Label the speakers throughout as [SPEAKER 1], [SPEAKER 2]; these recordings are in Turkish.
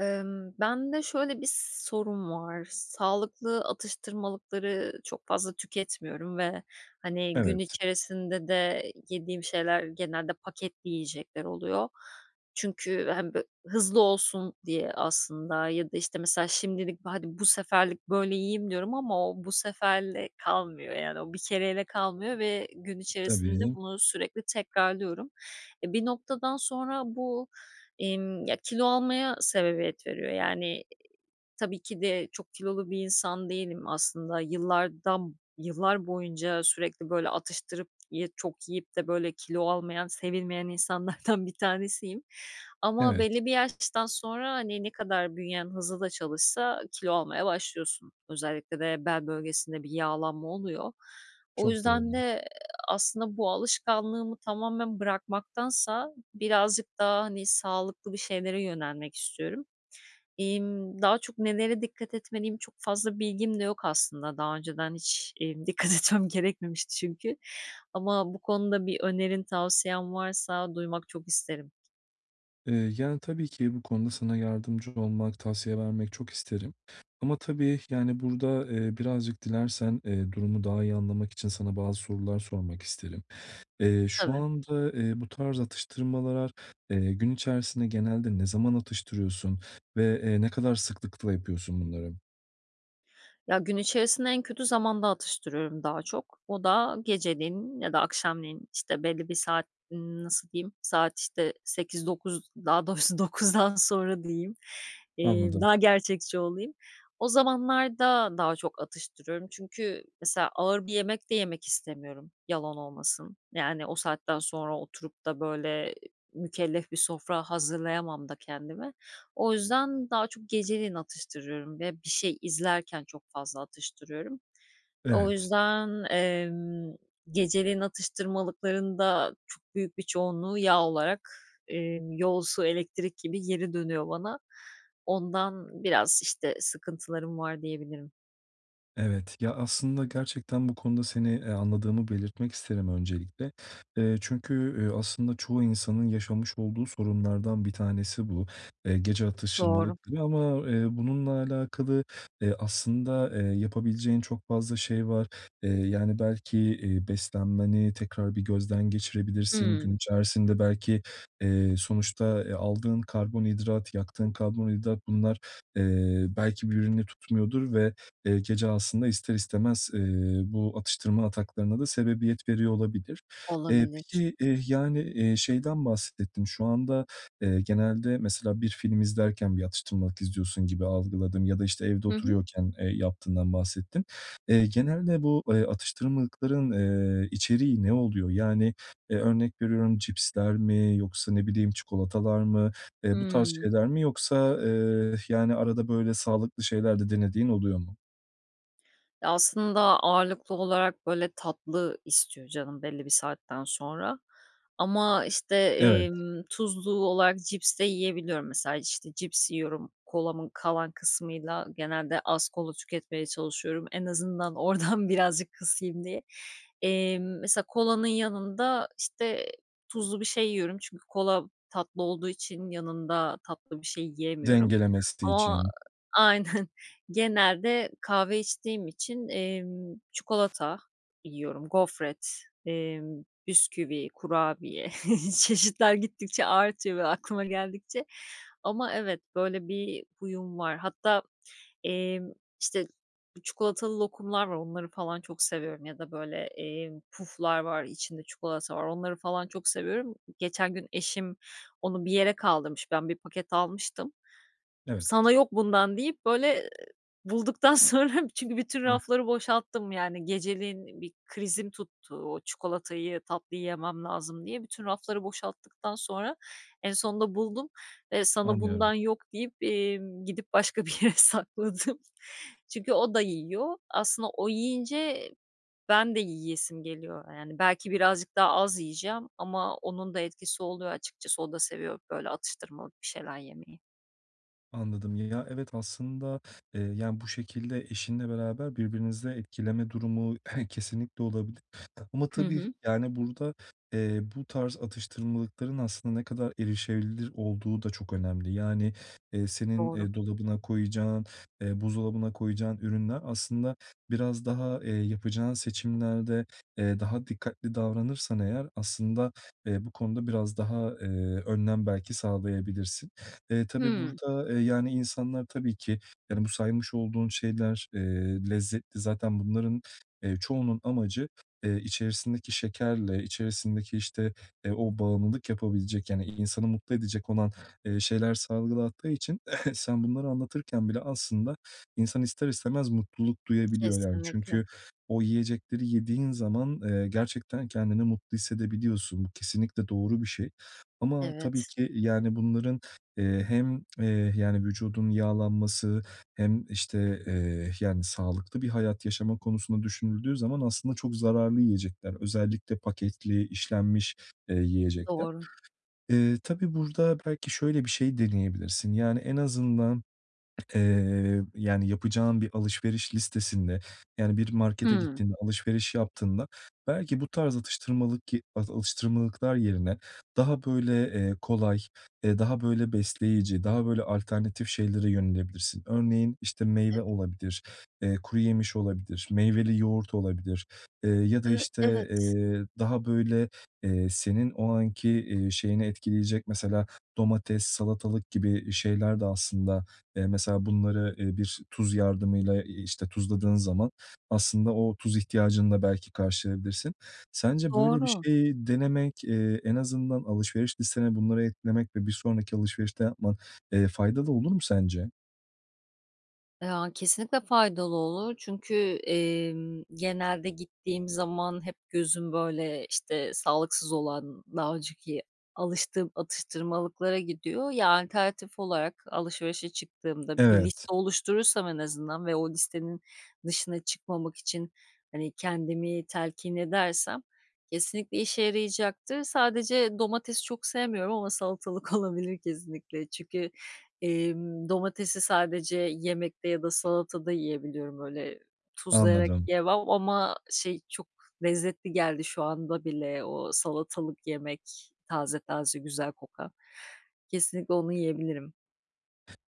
[SPEAKER 1] Imm, bende şöyle bir sorun var; sağlıklı atıştırmalıkları çok fazla tüketmiyorum ve, hani, gün
[SPEAKER 2] Evet.
[SPEAKER 1] içerisinde de yediğim şeyler genelde paketli yiyecekler oluyor. Çünkü hem bö hızlı olsun diye aslında ya da, işte, mesela, "Şimdilik, hadi, bu seferlik böyle yiyeyim." diyorum ama o bu seferle kalmıyor, yani, o bir kereyle kalmıyor ve gün içerisinde
[SPEAKER 2] Tabii.
[SPEAKER 1] bunu sürekli tekrarlıyorum. Eee, bir noktadan sonra bu, emm, ya kilo almaya sebebiyet veriyor. Yani, tabii ki de çok kilolu bir insan değilim aslında. Yıllardan yıllar boyunca sürekli, böyle, atıştırıp ye çok yiyip de böyle kilo almayan, sevilmeyen insanlardan bir tanesiyim. Ama
[SPEAKER 2] Evet.
[SPEAKER 1] belli bir yaştan sonra, hani, ne kadar bünyen hızlı da çalışsa kilo almaya başlıyorsun. Özellikle de bel bölgesinde bir yağlanma oluyor. O
[SPEAKER 2] Çok
[SPEAKER 1] yüzden
[SPEAKER 2] doğru.
[SPEAKER 1] de aslında bu alışkanlığımı tamamen bırakmaktansa birazcık daha, hani, sağlıklı bir şeylere yönelmek istiyorum. İmm, daha çok nelere dikkat etmeliyim çok fazla bilgim de yok aslında. Daha önceden hiç, iii, dikkat etmem gerekmemişti çünkü. Ama bu konuda bir önerin, tavsiyen varsa duymak çok isterim.
[SPEAKER 2] Eee, yani, tabii ki bu konuda sana yardımcı olmak, tavsiye vermek çok isterim. Ama tabii, yani, burada, eee, birazcık dilersen, eee, durumu daha iyi anlamak için sana bazı sorular sormak isterim. Eee, şu
[SPEAKER 1] Tabii.
[SPEAKER 2] anda, eee, bu tarz atıştırmalar, eee, gün içerisinde genelde ne zaman atıştırıyorsun? Ve, eee, ne kadar sıklıkla yapıyorsun bunları?
[SPEAKER 1] Ya, gün içerisinde en kötü zamanda atıştırıyorum daha çok. O da geceleyin ya da akşamleyin, işte, belli bir saat nasıl diyeyim? Saat, işte, 20.00-21.00 daha doğrusu 21.00'dan sonra diyeyim, eee,
[SPEAKER 2] Anladım.
[SPEAKER 1] daha gerçekçi olayım. O zamanlarda daha çok atıştırıyorum çünkü mesela ağır bir yemek de yemek istemiyorum, yalan olmasın. Yani, o saatten sonra oturup da, böyle, mükellef bir sofra hazırlayamam da kendime. O yüzden daha çok geceleyin atıştırıyorum ve bir şey izlerken çok fazla atıştırıyorum. O
[SPEAKER 2] Evet.
[SPEAKER 1] yüzden, emm, geceleyin atıştırmalıkların da çok büyük bir çoğunluğu yağ olarak, eee, yol, su, elektrik gibi geri dönüyor bana. Ondan biraz, işte, sıkıntılarım var diyebilirim.
[SPEAKER 2] Evet. Ya, aslında gerçekten bu konuda seni, eee, anladığımı belirtmek isterim öncelikle. Eee, çünkü, üüü, aslında çoğu insanın yaşamış olduğu sorunlardan bir tanesi bu, eee, gece
[SPEAKER 1] Doğru.
[SPEAKER 2] atıştırmalık gibi ama, eee, bununla alakalı, eee, aslında, eee, yapabileceğin çok fazla şey var, eee, yani, belki, iii, beslenmeni tekrar bir gözden geçirebilirsin. Gün
[SPEAKER 1] Hımm.
[SPEAKER 2] içerisinde belki, eee, sonuçta, eee, aldığın karbonhidrat, yaktığın karbonhidrat bunlar, eee, belki birbirini tutmuyordur ve, eee, gece aslında ister istemez, eee, bu atıştırma ataklarına da sebebiyet veriyor olabilir. Eee,
[SPEAKER 1] Olabilir.
[SPEAKER 2] peki, eee, yani, eee, şeyden bahsettin. Şu anda, eee, genelde mesela bir film izlerken bir atıştırmalık istiyorsun gibi algıladım ya da, işte, evde
[SPEAKER 1] Hı hı.
[SPEAKER 2] oturuyorken, eee, yaptığından bahsettin. Eee, genelde bu, eee, atıştırmalıkların, eee, içeriği ne oluyor? Yani, eee, örnek veriyorum cipsler mi yoksa, ne bileyim, çikolatalar mı? Eee, bu tarz
[SPEAKER 1] Hımm.
[SPEAKER 2] şeyler mi yoksa, eee, arada, böyle, sağlıklı şeyler de denediğin oluyor mu?
[SPEAKER 1] Eee, aslında ağırlıklı olarak, böyle, tatlı istiyor canım belli bir saatten sonra ama, işte,
[SPEAKER 2] Evet.
[SPEAKER 1] emm, tuzlu olarak cips de yiyebiliyorum. Mesela, işte, cips yiyorum, kolamın kalan kısmıyla. Genelde az kola tüketmeye çalışıyorum. En azından oradan birazcık kısayım diye. Emm, mesela kolanın yanında, işte, tuzlu bir şey yiyorum çünkü kola tatlı olduğu için yanında tatlı bir şey yiyemiyorum
[SPEAKER 2] Dengelemesi
[SPEAKER 1] ama
[SPEAKER 2] için.
[SPEAKER 1] Aynen, genelde kahve içtiğim için, emm, çikolata yiyorum, gofret, emm, bisküvi, kurabiye. Çeşitler gittikçe artıyor ve aklıma geldikçe ama evet, böyle, bir huyum var. Hatta, emm, işte, çikolatalı lokumlar var onları falan çok seviyorum ya da, böyle, emm, puflar var, içinde çikolata var. Onları falan çok seviyorum. Geçen gün eşim onu bir yere kaldırmış, ben 1 paket almıştım.
[SPEAKER 2] Evet.
[SPEAKER 1] "Sana yok bundan." deyip, böyle, ııı, bulduktan sonra çünkü bütün
[SPEAKER 2] Eh.
[SPEAKER 1] rafları boşalttım, yani, geceleyin bir krizim tuttu. "O çikolatayı tatlıyı yemem lazım." diye. Bütün rafları boşalttıktan sonra en sonunda buldum. "Eee, sana
[SPEAKER 2] Anlıyorum.
[SPEAKER 1] bundan yok." deyip, emm, gidip başka bir yere sakladım. Çünkü o da yiyor. Aslında o yiyince ben de yiyesim geliyor. Yani, belki birazcık daha az yiyeceğim ama onun da etkisi oluyor açıkçası. O da seviyor, böyle, atıştırmalık bir şeyler yemeyi.
[SPEAKER 2] Anladım. Ya ya, evet, aslında, eee, yani, bu şekilde eşinle beraber birbirinizi etkileme durumu kesinlikle olabilir ama
[SPEAKER 1] Hı
[SPEAKER 2] tabii,
[SPEAKER 1] hı.
[SPEAKER 2] yani, burada, eee, bu tarz atıştırmalıkların aslında ne kadar erişebilir olduğu da çok önemli. Yani, eee, senin,
[SPEAKER 1] Doğru.
[SPEAKER 2] eee, dolabına koyacağın, eee, buzdolabına koyacağın ürünler aslında biraz daha, eee, yapacağın seçimlerde, eee, daha dikkatli davranırsan eğer aslında, eee, bu konuda biraz daha, eee, önlem belki sağlayabilirsin. Eee, tabii
[SPEAKER 1] Hımm.
[SPEAKER 2] burada, eee, yani, insanlar tabii ki, yani, bu saymış olduğun şeyler, eee, lezzetli. Zaten bunların, eee, çoğunun amacı, eee, içerisindeki şekerle içerisindeki, işte, eee, o bağımlılık yapabilecek, yani, insanı mutlu edecek olan, eee, şeyler salgılattığı için sen bunları anlatırken bile aslında insan ister istemez mutluluk duyabiliyor, yani,
[SPEAKER 1] Kesinlikle.
[SPEAKER 2] çünkü o yiyecekleri yediğin zaman, eee, gerçekten kendini mutlu hissedebiliyorsun. Bu kesinlikle doğru bir şey ama tabii
[SPEAKER 1] Evet.
[SPEAKER 2] ki, yani, bunların, eee, hem, eee, yani, vücudun yağlanması hem, işte, eee, yani, sağlıklı bir hayat yaşama konusunda düşünüldüğü zaman aslında çok zararlı yiyecekler. Özellikle paketli, işlenmiş, eee, yiyecekler.
[SPEAKER 1] Doğru.
[SPEAKER 2] Eee, tabii burada belki şöyle bir şey deneyebilirsin. Yani, en azından, eee, yani, yapacağın bir alışveriş listesinde, yani, bir markete
[SPEAKER 1] Hımm.
[SPEAKER 2] gittiğinde alışveriş yaptığında belki bu tarz atıştırmalık alıştırmalıklar yerine daha böyle, eee, kolay, eee, daha böyle, besleyici, daha böyle, alternatif şeylere yönelebilirsin. Örneğin, işte, meyve olabilir, eee, kuruyemiş olabilir, meyveli yoğurt olabilir, eee, ya da,
[SPEAKER 1] Iıı,
[SPEAKER 2] işte,
[SPEAKER 1] evet.
[SPEAKER 2] eee, daha böyle, eee, senin o anki, eee, şeyini etkileyecek mesela domates, salatalık gibi şeyler de aslında, eee, mesela bunları, eee, bir tuz yardımıyla, eee, işte, tuzladığın zaman aslında o tuz ihtiyacını da belki karşılayabilirsin. Sence böyle bir
[SPEAKER 1] Doğru.
[SPEAKER 2] şeyi denemek, eee, en azından alışveriş listene bunları eklemek ve bir sonraki alışverişte yapman, eee, faydalı olur mu sence?
[SPEAKER 1] Ya, kesinlikle faydalı olur çünkü, eee, genelde gittiğim zaman hep gözüm, böyle, işte, sağlıksız olan daha önceki alıştığım atıştırmalıklara gidiyor. Ya, alternatif olarak alışverişe çıktığımda, bir
[SPEAKER 2] Evet.
[SPEAKER 1] liste oluşturursam en azından ve o listenin dışına çıkmamak için, hani, kendimi telkin edersem kesinlikle işe yarayacaktır. Sadece domatesi çok sevmiyorum ama salatalık olabilir kesinlikle. Çünkü, emm, domatesi sadece yemekte ya da salatada yiyebiliyorum. Öyle tuzlayarak
[SPEAKER 2] Anladım.
[SPEAKER 1] yiyemem ama, şey, çok lezzetli geldi şu anda bile o salatalık yemek, taze taze, güzel kokan. Kesinlikle onu yiyebilirim.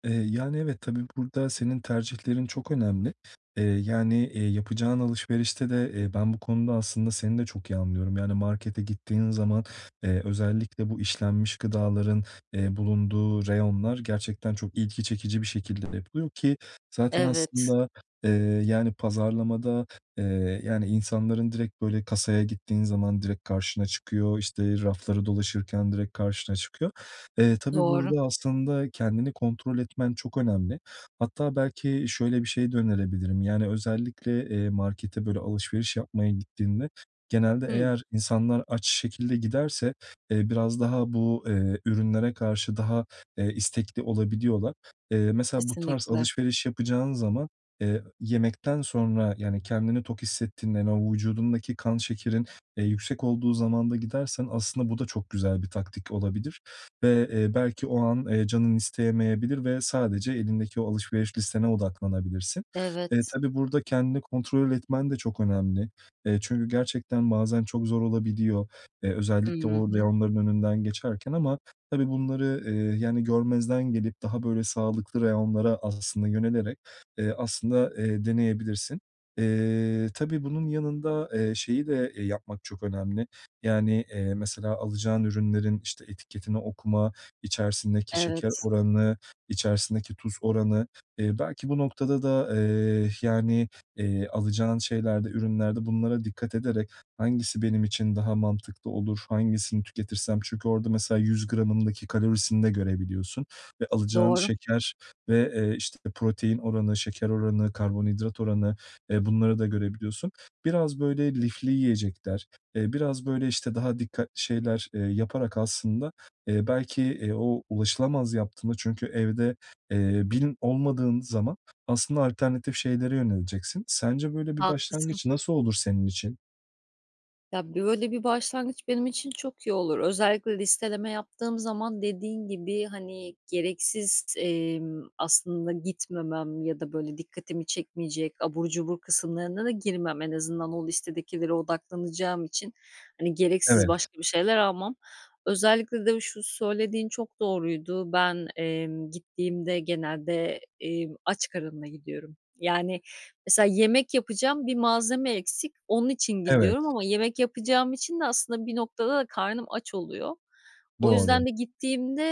[SPEAKER 2] Eee, yani, evet, tabii, burada senin tercihlerin çok önemli. Eee, yani, eee, yapacağın alışverişte de, eee, ben bu konuda aslında seni de çok iyi anlıyorum. Yani, markete gittiğin zaman, eee, özellikle bu işlenmiş gıdaların, eee, bulunduğu reyonlar gerçekten çok ilgi çekici bir şekilde de yapılıyor, ki zaten
[SPEAKER 1] Evet.
[SPEAKER 2] aslında, eee, yani, pazarlamada, eee, yani, insanların direkt, böyle, kasaya gittiğin zaman direkt karşına çıkıyor, işte, rafları dolaşırken direkt karşına çıkıyor. Eee, tabii
[SPEAKER 1] Doğru.
[SPEAKER 2] burada aslında kendini kontrol etmen çok önemli. Hatta belki şöyle bir şey de önerebilirim, yani, özellikle, eee, markete, böyle, alışveriş yapmaya gittiğinde genelde
[SPEAKER 1] Hı?
[SPEAKER 2] eğer insanlar aç şekilde giderse, eee, biraz daha bu, eee, ürünlere karşı daha, eee, istekli olabiliyorlar. Eee, mesela bu tarz
[SPEAKER 1] Kesinlikle.
[SPEAKER 2] alışveriş yapacağın zaman, eee, yemekten sonra, yani, kendini tok hissettiğinde, hani, o vücudundaki kan şekerin, eee, yüksek olduğu zamanda gidersen aslında bu da çok güzel bir taktik olabilir. Ve, eee, belki o an, eee, canın isteyemeyebilir ve sadece elindeki o alışveriş listene odaklanabilirsin. Eee,
[SPEAKER 1] Evet.
[SPEAKER 2] tabii, burada kendini kontrol etmen de çok önemli. Eee, çünkü gerçekten bazen çok zor olabiliyor. Eee,
[SPEAKER 1] Hı
[SPEAKER 2] özellikle o
[SPEAKER 1] hı.
[SPEAKER 2] reyonların önünden geçerken ama tabii bunları, eee, yani görmezden gelip daha böyle sağlıklı reyonlara aslında yönelerek, eee, aslında, eee, deneyebilirsin. Eee, tabii bunun yanında, eee, şeyi de yapmak çok önemli, yani, eee, mesela alacağın ürünlerin, işte, etiketini okuma, içerisindeki şeker
[SPEAKER 1] Evet.
[SPEAKER 2] oranı, içerisindeki tuz oranı, eee, belki bu noktada da, eee, yani, eee, alacağın şeylerde, ürünlerde bunlara dikkat ederek, "Hangisi benim için daha mantıklı olur, hangisini tüketirsem?" Çünkü orada mesela 100 gramındaki kalorisini de görebiliyorsun ve alacağın
[SPEAKER 1] Doğru.
[SPEAKER 2] şeker ve, eee, işte, protein oranı, şeker oranı, karbonhidrat oranı, eee, bunları da görebiliyorsun. Biraz böyle lifli yiyecekler, eee, biraz böyle, işte, daha dikkatli şeyler, eee, yaparak aslında, eee, belki, eee, o ulaşılamaz yaptığında çünkü evde, eee, bin olmadığın zaman aslında alternatif şeylere yöneleceksin. Sence böyle bir
[SPEAKER 1] Haklısın.
[SPEAKER 2] başlangıç nasıl olur senin için?
[SPEAKER 1] Ya, böyle, bir başlangıç benim için çok iyi olur. Özellikle listeleme yaptığım zaman dediğin gibi, hani, gereksiz, emm, aslında gitmemem ya da, böyle, dikkatimi çekmeyecek, abur cubur kısımlarına da girmem. En azından o listedekilere odaklanacağım için, hani, gereksiz
[SPEAKER 2] Evet.
[SPEAKER 1] başka bir şeyler almam. Özellikle de şu söylediğin çok doğruydu. Ben, emm, gittiğimde genelde, eee, aç karınla gidiyorum. Yani, mesela yemek yapacağım, 1 malzeme eksik. Onun için gidiyorum
[SPEAKER 2] Evet.
[SPEAKER 1] ama yemek yapacağım için de aslında bir noktada da karnım aç oluyor. O
[SPEAKER 2] Doğru.
[SPEAKER 1] yüzden de gittiğimde,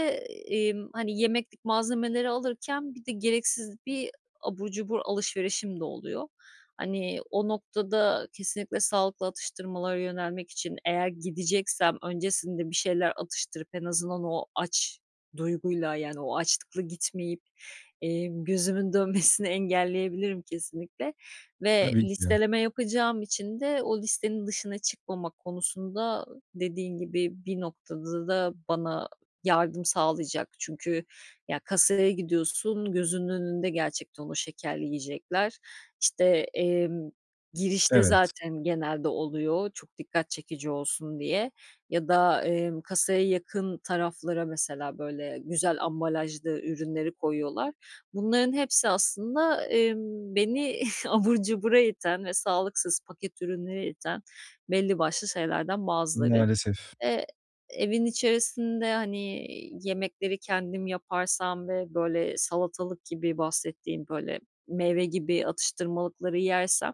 [SPEAKER 1] emm, hani, yemeklik malzemeleri alırken bir de gereksiz bir abur cubur alışverişim de oluyor. Hani, o noktada kesinlikle sağlıklı atıştırmalara yönelmek için eğer gideceksem öncesinde bir şeyler atıştırıp en azından o aç duyguyla, yani, o açlıkla gitmeyip, emm, gözümün dönmesini engelleyebilirim kesinlikle ve
[SPEAKER 2] Tabii ki.
[SPEAKER 1] listeleme yapacağım için de o listenin dışına çıkmamak konusunda dediğin gibi bir noktada da bana yardım sağlayacak. Çünkü ya, kasaya gidiyorsun, gözünün önünde gerçekten o şekerli yiyecekler, işte, emm, girişte
[SPEAKER 2] Evet.
[SPEAKER 1] zaten genelde oluyor çok dikkat çekici olsun diye ya da, emm, kasaya yakın taraflara mesela, böyle, güzel ambalajlı ürünleri koyuyorlar. Bunların hepsi aslında, emm, beni abur cubura iten ve sağlıksız, paket ürününe iten belli başlı şeylerden bazıları.
[SPEAKER 2] Maalesef.
[SPEAKER 1] Eee, evin içerisinde, hani, yemekleri kendim yaparsam ve, böyle, salatalık gibi bahsettiğin, böyle, meyve gibi atıştırmalıkları yersem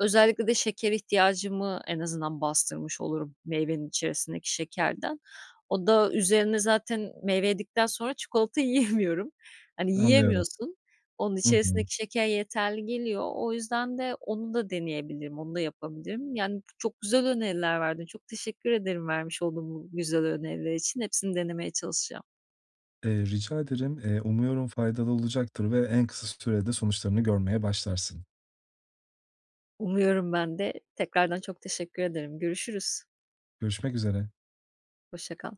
[SPEAKER 1] özellikle de şeker ihtiyacımı en azından bastırmış olurum meyvenin içerisindeki şekerden. O da üzerine zaten meyve yedikten sonra çikolata yiyemiyorum. Hani,
[SPEAKER 2] Anlıyorum.
[SPEAKER 1] yiyemiyorsun. Onun
[SPEAKER 2] Hı hı.
[SPEAKER 1] içerisindeki şeker yeterli geliyor. O yüzden de onu da deneyebilirim, onu da yapabilirim. Yani, çok güzel öneriler verdin. Çok teşekkür ederim vermiş olduğun bu güzel öneriler için. Hepsini denemeye çalışacağım.
[SPEAKER 2] Eee, rica ederim. Eee, umuyorum faydalı olacaktır ve en kısa sürede sonuçlarını görmeye başlarsın.
[SPEAKER 1] Umuyorum ben de. Tekrardan çok teşekkür ederim. Görüşürüz.
[SPEAKER 2] Görüşmek üzere.
[SPEAKER 1] Hoşça kal.